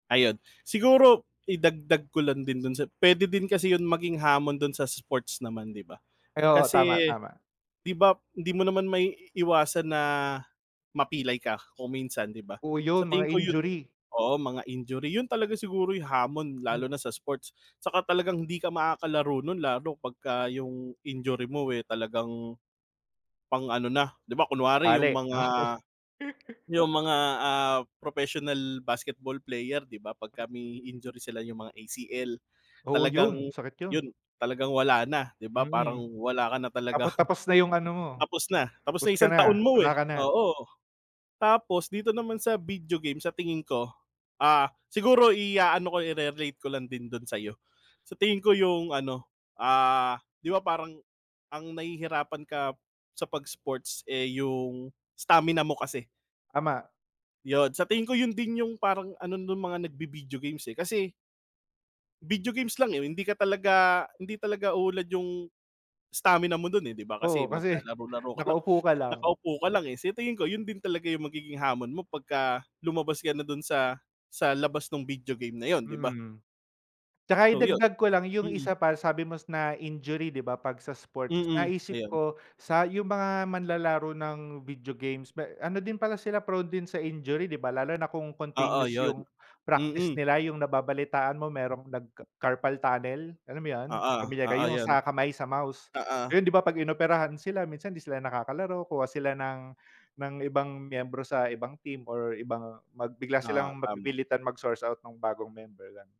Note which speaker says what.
Speaker 1: Ayun, siguro idagdag ko lang din dun sa puwede din kasi yung maging hamon dun sa sports naman, 'di ba?
Speaker 2: Pero tama,
Speaker 1: Kasi
Speaker 2: tama.
Speaker 1: 'di ba, hindi mo naman maiiwasan na mapilay ka kung minsan, 'di ba?
Speaker 2: Oh
Speaker 1: Sa
Speaker 2: yun, mga
Speaker 1: tingin ko, yun,
Speaker 2: injury.
Speaker 1: oo, mga injury, yun talaga siguro yung hamon
Speaker 2: Hmm.
Speaker 1: lalo na sa sports saka talagang hindi ka makakalaro nun lalo pagka yung injury mo eh talagang, pang-ano na. Di ba, kunwari yung
Speaker 2: Bali?
Speaker 1: mga
Speaker 2: Oo.
Speaker 1: yung mga, ah, professional basketball player, 'di ba, pagka
Speaker 2: Mm.
Speaker 1: may injury sila, yung mga ACL,
Speaker 2: Oo,
Speaker 1: talagang
Speaker 2: yun. Sakit yun.
Speaker 1: yun, talagang wala na, 'di ba,
Speaker 2: Mm,
Speaker 1: parang wala ka na
Speaker 2: tapot
Speaker 1: talagang
Speaker 2: tapos na yung ano mo,
Speaker 1: Tapos na tapos
Speaker 2: tapos
Speaker 1: na yung
Speaker 2: ka
Speaker 1: isang
Speaker 2: na.
Speaker 1: taon mo
Speaker 2: Wala
Speaker 1: eh,
Speaker 2: ka na.
Speaker 1: oo. Tapos dito naman sa video game, sa tingin ko, ah, siguro iaano ko, ire-relate ko lang din dun sa'yo. Sa tingin ko yung ano, ah, 'di ba, parang ang nahihirapan ka sa 'pag sports eh yung stamina mo kasi.
Speaker 2: Tama.
Speaker 1: Yun sa tingin ko, yun din yung parang ano nung mga nagvi-video games eh. Kasi Video games lang eh. Hindi ka talaga hindi talaga uunlad yung stamina mo dun eh, 'di ba?
Speaker 2: Oo,
Speaker 1: Kasi
Speaker 2: kasi
Speaker 1: maglalaro-laro ka lang,
Speaker 2: nakaupo ka lang.
Speaker 1: nakaupo ka lang eh. Sa tingin ko yun din talaga yung magiging hamon mo pagka lumabas ka na dun sa sa labas nung video game na yun, 'di ba?
Speaker 2: Mm. Tsaka
Speaker 1: So yun,
Speaker 2: idagdag ko lang yung
Speaker 1: mm.
Speaker 2: isa pa sabi mo na injury, 'di ba, 'pag sa sports?
Speaker 1: Mm,
Speaker 2: Naisip
Speaker 1: ayun.
Speaker 2: ko sa yung mga manlalaro ng video games, may ano din pala sila, prone din sa injury, 'di ba? Lalo na kung
Speaker 1: Oo,
Speaker 2: continuous
Speaker 1: yun,
Speaker 2: yung practice
Speaker 1: mm.
Speaker 2: nila, yung nababalitaan mo merong nag-ca carpal tunnel, alam mo yun,
Speaker 1: Oo,
Speaker 2: pamilyar ka
Speaker 1: oo
Speaker 2: yung
Speaker 1: yun.
Speaker 2: sa kamay sa mouse.
Speaker 1: Oo.
Speaker 2: Ngayon 'di ba, 'pag inoperahan sila minsan hindi sila nakakalaro, kuha sila ng ng ibang miyembro sa ibang team or ibang mag bigla
Speaker 1: Oo,
Speaker 2: silang
Speaker 1: tama.
Speaker 2: mapipilitan mag-source out ng bagong member, ganun.